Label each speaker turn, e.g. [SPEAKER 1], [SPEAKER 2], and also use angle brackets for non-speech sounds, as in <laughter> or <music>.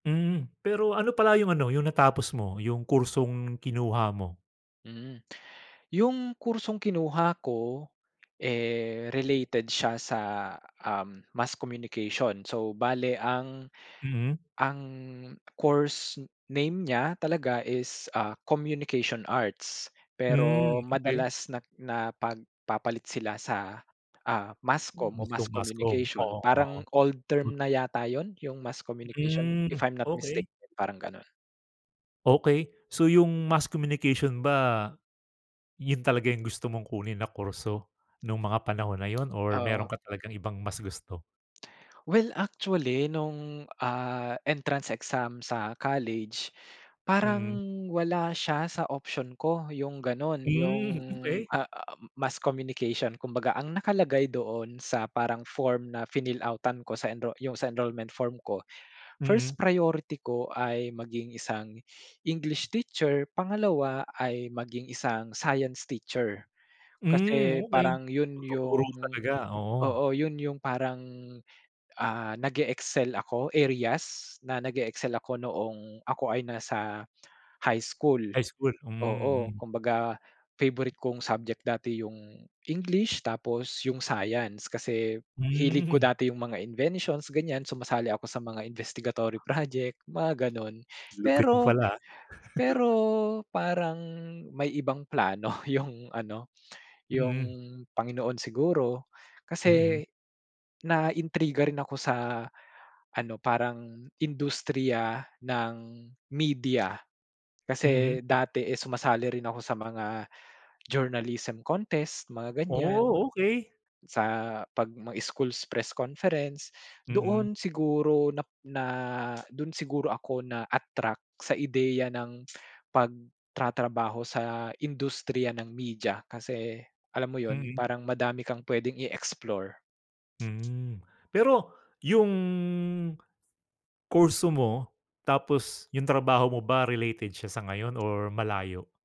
[SPEAKER 1] Mm, pero ano pala yung ano yung natapos mo, yung kursong kinuha mo?
[SPEAKER 2] Hmm. <gasps> Yung kursong kinuha ko eh, related siya sa um, mass communication. So, bale ang
[SPEAKER 1] Mhm.
[SPEAKER 2] <gasps> ang course name niya, talaga is ah, communication arts.
[SPEAKER 1] Hmm,
[SPEAKER 2] Pero
[SPEAKER 1] okey.
[SPEAKER 2] madalas na napagpapalit sila sa ah, mass comm o
[SPEAKER 1] Gusto
[SPEAKER 2] mass
[SPEAKER 1] mo, mass comm.
[SPEAKER 2] communication,
[SPEAKER 1] Oo, oo.
[SPEAKER 2] parang old term na yata yun? Yung mass communication, if
[SPEAKER 1] Mm.
[SPEAKER 2] I'm not mistaken,
[SPEAKER 1] Okey.
[SPEAKER 2] parang ganon.
[SPEAKER 1] Okey, so yung mass communication ba yun talaga yung gusto mong kunin na kurso? Nung mga panahon na yun or meron
[SPEAKER 2] Oo.
[SPEAKER 1] ka talagang ibang mas gusto?
[SPEAKER 2] <gasps> Well actually, nung ah entrance exam sa college, parang
[SPEAKER 1] Mhm.
[SPEAKER 2] wala siya sa option ko, yung ganun. Yung
[SPEAKER 1] Mm, okey.
[SPEAKER 2] ah, mass communication, kumbaga ang nakalagay doon sa parang form na finill-out-tan ko, sa enro yung sa enrollment form ko, <gasps> first
[SPEAKER 1] Mhm.
[SPEAKER 2] priority ko ay maging isang <gasps> English teacher, pangalawa ay maging isang Science teacher. <gasps>
[SPEAKER 1] Mm
[SPEAKER 2] Kasi
[SPEAKER 1] okey.
[SPEAKER 2] parang yun
[SPEAKER 1] Pagtuturo
[SPEAKER 2] yung
[SPEAKER 1] talaga, oo.
[SPEAKER 2] oo. Yun yung parang, ah, nag-eexcel ako areas na nag-eexcel ako noong ako ay nasa <gasps> high school
[SPEAKER 1] High school.
[SPEAKER 2] oo,
[SPEAKER 1] Mhm, mm.
[SPEAKER 2] kumbaga favorite kong subject dati yung English, tapos yung Science, kasi hilig ko
[SPEAKER 1] Mm
[SPEAKER 2] dati yung mga inventions ganyan, sumasali ako sa mga investigatory project, mga ganon.
[SPEAKER 1] Lupit mo
[SPEAKER 2] Pero
[SPEAKER 1] pala ah.
[SPEAKER 2] pero
[SPEAKER 1] <chuckles>
[SPEAKER 2] parang may ibang plano yung ano, yung
[SPEAKER 1] Mhm.
[SPEAKER 2] Panginoon siguro. <gasps>
[SPEAKER 1] Mhm.
[SPEAKER 2] Kasi, naintriga rin ako sa <gasps> ano parang industriya ng media. Kasi,
[SPEAKER 1] Mhm.
[SPEAKER 2] dati, eh, sumasali rin ako sa mga <gasps> journalism contest, mga ganyan
[SPEAKER 1] Oh, okey.
[SPEAKER 2] sa pag may school's press conference, <gasps>
[SPEAKER 1] Mhm.
[SPEAKER 2] doon siguro nap na dun siguro ako na-attract, sa ideya ng <gasps> pagtratrabaho sa industriya ng media, kasi alam mo yun
[SPEAKER 1] Mhm.
[SPEAKER 2] parang madami kang pwedeng i -explore.
[SPEAKER 1] Hmm, <gasps> pero yung kurso mo tapos yung trabaho mo ba, related siya sa ngayon or malayo?